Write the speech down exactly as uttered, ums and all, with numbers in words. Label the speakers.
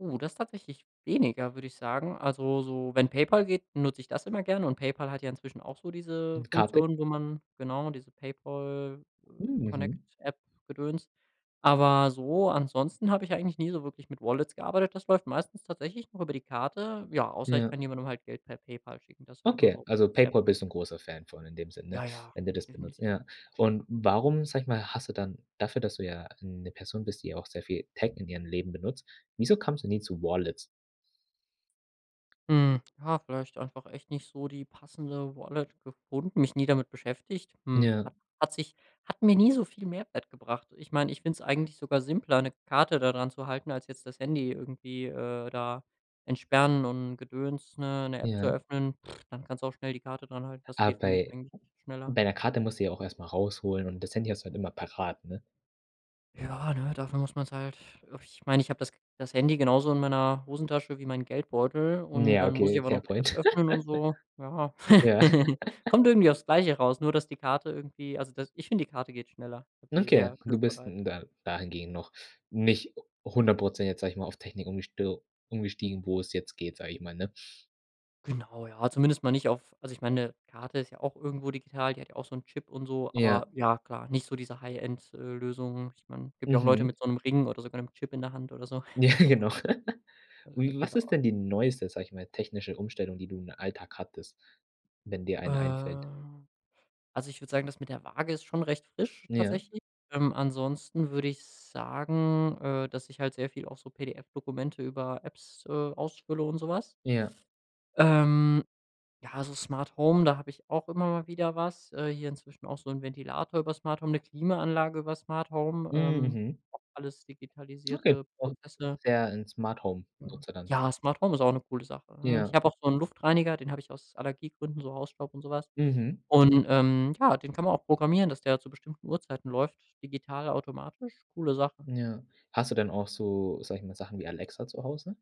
Speaker 1: Oh, das ist tatsächlich weniger, würde ich sagen. Also so, wenn PayPal geht, benutze ich das immer gerne und PayPal hat ja inzwischen auch so diese
Speaker 2: Mit Karte.
Speaker 1: Funktion, wo man genau, diese
Speaker 2: Hm, mhm.
Speaker 1: PayPal-Connect-App Gedöns, aber so, ansonsten habe ich eigentlich nie so wirklich mit Wallets gearbeitet. Das läuft meistens tatsächlich noch über die Karte, ja, außer ich
Speaker 2: Ja.
Speaker 1: kann jemandem halt Geld per PayPal schicken, das ist halt immer
Speaker 2: Okay,
Speaker 1: so
Speaker 2: also
Speaker 1: sehr
Speaker 2: PayPal
Speaker 1: prakt
Speaker 2: bist du 'n großer Fan von in dem Sinne,
Speaker 1: Ja, ja,
Speaker 2: wenn du das benutzt,
Speaker 1: definitiv.
Speaker 2: ja, und warum, sage ich mal, hast du dann dafür, dass du ja 'ne Person bist, die auch sehr viel Tech in ihrem Leben benutzt, wieso kommst du nie zu Wallets?
Speaker 1: Hm, ja, vielleicht einfach echt nicht so die passende Wallet gefunden mich nie damit beschäftigt, hm,
Speaker 2: Ja.
Speaker 1: hat hat sich hat mir nie so viel Mehrwert gebracht. Ich meine, ich finde es eigentlich sogar simpler, 'ne Karte da dran zu halten, als jetzt das Handy irgendwie, äh, da entsperren und Gedöns, ne, 'ne App zu
Speaker 2: Ja.
Speaker 1: öffnen. Dann kannst du auch schnell die Karte dranhalten, das
Speaker 2: Aber
Speaker 1: geht für mich
Speaker 2: bei
Speaker 1: eigentlich schneller.
Speaker 2: bei 'ner Karte musst du sie ja auch erst mal rausholen und das Handy hast du halt immer parat, ne?
Speaker 1: Ja, ne, dafür muss man's halt ich meine, ich habe das das Handy genauso in meiner Hosentasche wie meinen Geldbeutel und
Speaker 2: Ja,
Speaker 1: dann muss ich
Speaker 2: okay,
Speaker 1: aber
Speaker 2: fair
Speaker 1: noch 'ne App
Speaker 2: point.
Speaker 1: öffnen und so. Ja,
Speaker 2: Ja.
Speaker 1: kommt irgendwie aufs Gleiche raus, nur dass die Karte irgendwie also dass ich finde, die Karte geht schneller, habe die
Speaker 2: Okay,
Speaker 1: sehr
Speaker 2: du bist
Speaker 1: griffbereit.
Speaker 2: n da dahingehend noch nicht hundert Prozent jetzt, sage ich mal, auf Technik umgesto umgestiegen, wo es jetzt geht, sage ich mal, ne?
Speaker 1: Genau, ja, zumindest mal nicht auf also ich meine, Karte ist ja auch irgendwo digital, die hat ja auch so 'n Chip und so,
Speaker 2: Ja.
Speaker 1: aber, ja klar, nicht so diese High-End äh, Lösungen. Ich meine, gibt ja auch Leute
Speaker 2: Mhm.
Speaker 1: mit so 'nem Ring oder sogar 'nem Chip in der Hand oder so.
Speaker 2: Ja, genau.
Speaker 1: Äh,
Speaker 2: Wie was ist
Speaker 1: genau.
Speaker 2: denn die neueste, sage ich mal, technische Umstellung, die du im Alltag hattest wenn dir eine einfällt?
Speaker 1: Ähm, also ich würde sagen, das mit der Waage ist schon recht frisch
Speaker 2: Ja.
Speaker 1: tatsächlich, ähm, ansonsten würde ich sagen, äh, dass ich halt sehr viel auch so PDF-Dokumente über Apps, äh, ausfülle und so was.
Speaker 2: Ja.
Speaker 1: Ähm, ja, also Smart Home, da habe ich auch immer mal wieder was äh, hier inzwischen auch so 'n Ventilator über Smart Home, 'ne Klimaanlage über Smart Home,
Speaker 2: Hm,
Speaker 1: ähm,
Speaker 2: mhm.
Speaker 1: auch alles digitalisierte
Speaker 2: Auch
Speaker 1: Prozesse.
Speaker 2: sehr 'n
Speaker 1: [unintelligible]
Speaker 2: Smart-Home-Nutzer dann?
Speaker 1: Ja, Smart Home ist auch 'ne coole Sache, ne? Ich
Speaker 2: Ja.
Speaker 1: habe auch so 'n Luftreiniger, den habe ich aus Allergiegründen, so Hausstaub und so was,
Speaker 2: Mhm.
Speaker 1: und, ähm, ja, den kann man auch programmieren, dass der zu bestimmten Uhrzeiten läuft digital automatisch, coole Sache.
Speaker 2: Ja. Hast du denn auch so, sage ich mal, Sachen wie Alexa zu Hause?